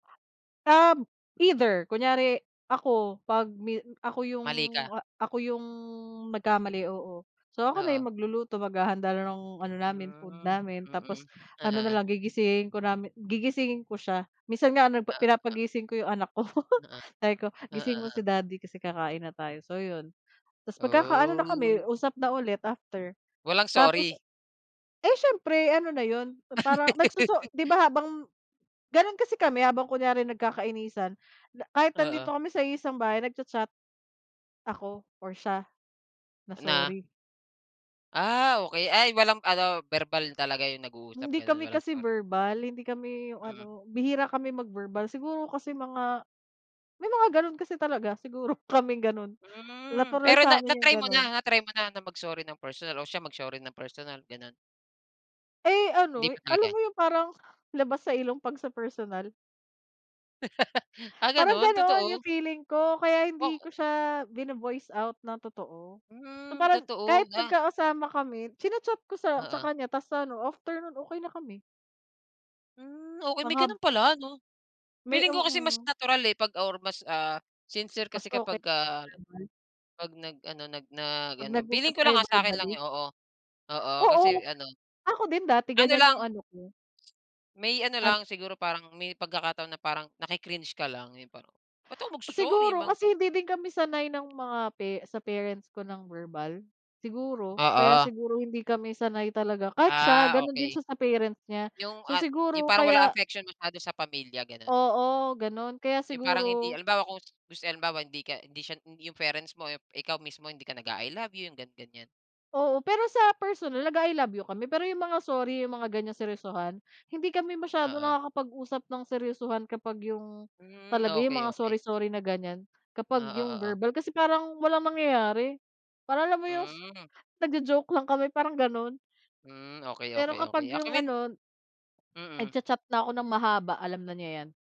Ah, either, kunyari, ako pag mi ako yung, Mali ka. ako yung, ah, nagkamali, oo. So, ako na Oo. yung magluluto maghahanda na ng ano namin, food Hmm, namin, tapos mm. ano na Oo. lang gigisingin ko namin gigisingin ko siya, minsan nga ano, Na [unintelligible] pinapagising ko 'yong anak ko. Oo. Sabi ko, Oo, "Gisingin mo o si daddy kasi, kakain na tayo," so, yun, tapos magkakaano na kami Oh. usap na ulit after, Walang tapos, sorry? eh, siyempre ano na yun, parang nagsoso 'di ba, habang ganun kasi kami, habang, kunyari, nagkakainisan, kahit Oo. nandito kami sa iisang bahay, nag-cha-chat, ako or siya, na Na? sorry. Ah, okay, ay, walang ano, verbal talaga yung nag-uusap Hindi ganon, kami walang kasi sorry. verbal, hindi kami, yung ano, Mm. bihira kami mag-verbal siguro kasi mga may mga ganun kasi talaga, siguro kaming ganun, Hmm, natural pero sa na amin yung na-try mo ganon. na, na-try mo na, na, mag sorry ng personal o siya mag-sorry ng personal ganon? Eh, Hindi ano, pa alam talaga. mo yung parang labas sa ilong pag sa personal. Ah, Parang ganun ganun yung totoo. feeling ko, kaya hindi Oo. ko siya bino-voice out ng totoo, so, Hmm, parang totoo, kahit nga. magkakasama kami china-chat ko sa sa Oo. kanya tapos sa ano after nun, okey na kami. Hmm, okay Ang may hab. ganun pala 'no? May Feeling ko kasi mas oo. natural, eh, pag or mas, ah, sincere Mas kasi okey kapagka, sa amin. pag, nag ano, nag nag Pag ano, feeling nag-usap ko lang kayo ah, sakin lang verbally. yun. Oo, oo, kasi Oo, ano. ako din dati Ano ganyan lang. yung ano ko. May ano An lang, siguro parang may pagkakataon na parang naki-cringe ka lang, yung parang ba't ako magso-sorry Siguro mga ganun. kasi hindi din kami sanay ng mga pe sa parents ko ng verbal, siguro, kaya Oo. siguro hindi kami sanay talaga kahit siya, Ah, ganun din okey. siya sa parent niya, Yung, so, ah, yung siguro parang wala kaya affection masyado sa pamilya ganun. Oo, ganun kaya Yung parang hindi siguro halimbawa kung, halimbawa hindi ka, hindi siya yung parents mo, ikaw mismo hindi ka nag-a i love you, yung ga ganyan Oo, pero sa personal nag-a i love you kami, pero yung mga sorry yung mga ganyang seryosohan, hindi kami masyadong Oo. nakakapag-usap ng seryosohan kapag yung Hmm, talaga yung okey, mga okey. sorry-sorry na ganyan, kapag Oo, yung oo. verbal kasi parang walang mangyayari, parang alam mo yung, Hmm. nagjo-joke lang kami parang ganun. Hmm, okey, Pero okey, kapag okey, ah, yung kumin. ano. Mhm. Nagcha-chat na ako ng mahaba alam na niya yan.